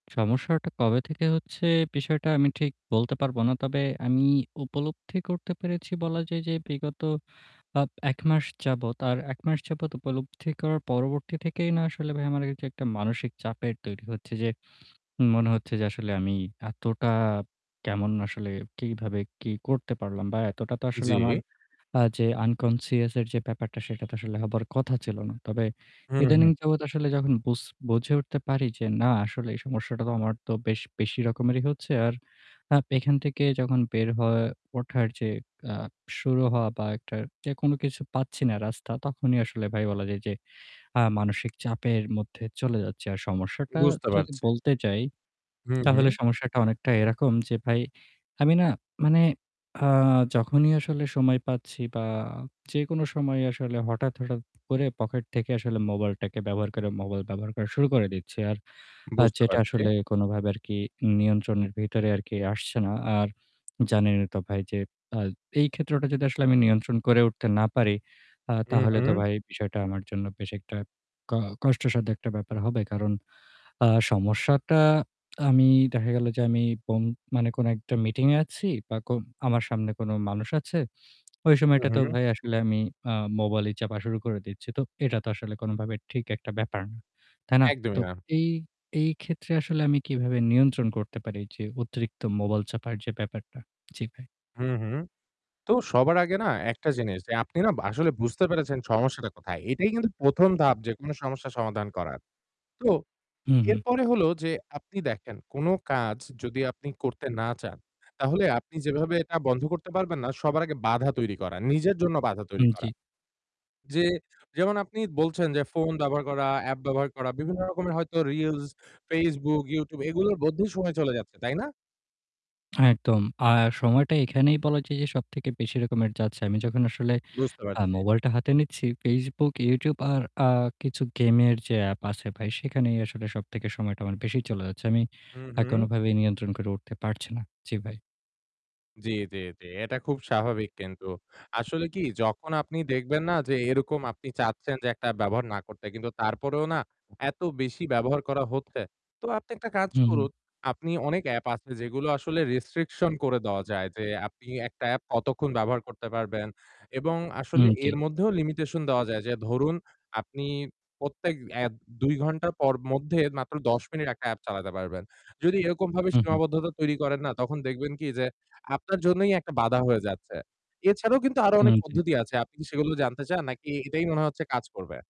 সমস্যাটা কবে থেকে হচ্ছে, বিষয়টা আমি ঠিক বলতে পারব না। তবে আমি উপলব্ধি করতে পেরেছি বলা যায় যে, বিগত আপ ১ মাস যাবত আর ১ মাস যাবত উপলব্ধি করার পরবর্তী থেকেই না আসলে ভাই আমার এইযে এইটা একটা মানসিক চাপের তৈরি হচ্ছে যে, মনে হচ্ছে যে আসলে আমি এতটা কেমন আসলে কিভাবে কি করতে পারলাম বা এতটা তো আসলে জি। আমার আ যে unconscious-এর যে ব্যাপারটা সেটা তো আসলে হবার কথা ছিল না। তবে ইদানিং উহু। যাবত আসলে যখন বুঝ বুঝে উঠতে পারি যে না আসলে এই সমস্যাটা তো আমার তো বেশ বেশি রকমেরই হচ্ছে। আর আপ এখান থেকে যখন বের হওয়া ওঠার যে আ শুরু হওয়া বা একটা যেকোনো কিছু পাচ্ছি না রাস্তা, তখনই আসলে ভাই বলা যায় যে, আ মানসিক চাপের মধ্যে চলে যাচ্ছি। আর সমস্যাটা বুঝতে যদি পারছি। বলতে যাই। হু, তাহলে হু। সমস্যাটা অনেকটা এরকম যে, ভাই আমি না মানে আ যখনই আসলে সময় পাচ্ছি বা যেকোনো সময়ে আসলে হঠাৎ, হঠাৎ, করে pocket থেকে আসলে mobile-টাকে ব্যবহার করে mobile ব্যবহার করা শুরু করে দিচ্ছি। আর আ বুঝতে যেটা পারছি। আসলে কোনভাবে আর কি নিয়ন্ত্রণের ভেতরে আর কি আসছে না। আর জানেন এ তো ভাই যে, আ এই ক্ষেত্রটা যদি আসলে আমি নিয়ন্ত্রণ করে উঠতে না পারি। আ তাহলে তো উহু। ভাই বিষয়টা আমার জন্য বেশ একটা ক কষ্টসাধ্য একটা ব্যাপার হবে। কারণ আ সমস্যাটা আমি দেখা গেল যে আমি পং মানে কোন একটা meeting-এ আছি বা কো আমার সামনে কোন মানুষ আছে, ওই সময়টাতেও উহু। ভাই আসলে আমি আ mobile-ই চাপা শুরু করে দিচ্ছি। তো এটা তো আসলে কোনভাবে ঠিক একটা ব্যাপার না। তাই না? একদমই তো না। এই এই, ক্ষেত্রে আসলে আমি কিভাবে নিয়ন্ত্রণ করতে পারি যে অতিরিক্ত mobile চাপার যে ব্যাপারটা? জি ভাই। হুম, হুম। তো সবার আগে না একটা জিনিস, যে আপনি না আসলে বুঝতে পেরেছেন সমস্যাটা কোথায়? এটাই কিন্তু ১ম ধাপ যেকোনো সমস্যার সমাধান করার। তো হুম, হুম। এরপরে হলো যে আপনি দেখেন কোন কাজ যদি আপনি করতে না চান। তাহলে আপনি যেভাবে এটা বন্ধ করতে পারবেন না, সবার আগে বাধা তৈরি করা, নিজের জন্য বাধা তৈরি হুম, জি। করা। যে যেমন আপনি বলছেন, যে ফোন ব্যবহার করা, app ব্যবহার করা, বিভিন্ন রকমের হয়তো reels, Facebook, YouTube এগুলোর মধ্যেই সময় চলে যাচ্ছে, তাই না? একদম। আর সময়টা এখানেই বলা যায় যে সবথেকে বেশি রকমের যাচ্ছে। আমি যখন আসলে বুঝতে আ পারছি। mobile টা হাতে নিচ্ছি Facebook, YouTube আর আ কিছু game-এর যে app আছে ভাই সেখানেই আসলে সবথেকে সময়টা আমার বেশি চলে যাচ্ছে। আমি হুম, আ হুম। কোনভাবেই নিয়ন্ত্রণ করে উঠতে পারছি না। জি ভাই। জি, জি, জি। এটা খুব স্বাভাবিক কিন্তু। আসলে কি যখন আপনি দেখবেন না যে, এরকম আপনি চাচ্ছেন, যে একটা ব্যবহার না করতে কিন্তু তারপরেও না এত বেশি ব্যবহার করা হচ্ছে। তো আপনি একটা কাজ হুম, হুম। করুন, আপনি অনেক app আছে যেগুলো আসলে restriction করে দেওয়া যায়। যে আপনি একটা app কতক্ষণ ব্যবহার করতে পারবেন এবং আসলে উম জি। এর মধ্যেও limitation দেওয়া যায়। যে ধরুন, আপনি প্রত্যেক app ২ ঘণ্টা পর মধ্যে মাত্র ১০ মিনিট একটা app চালাতে পারবেন। যদি এরকমভাবে হুম, হুম। সীমাবদ্ধতা তৈরি করেন না। তখন দেখবেন কি যে আপনার জন্যই একটা বাধা হয়ে যাচ্ছে। এছাড়াও কিন্তু আরও ও অনেক জি। পদ্ধতি আছে। আপনি কি সেগুলো জানতে চান? নাকি এটাই মনে হচ্ছে কাজ করবে?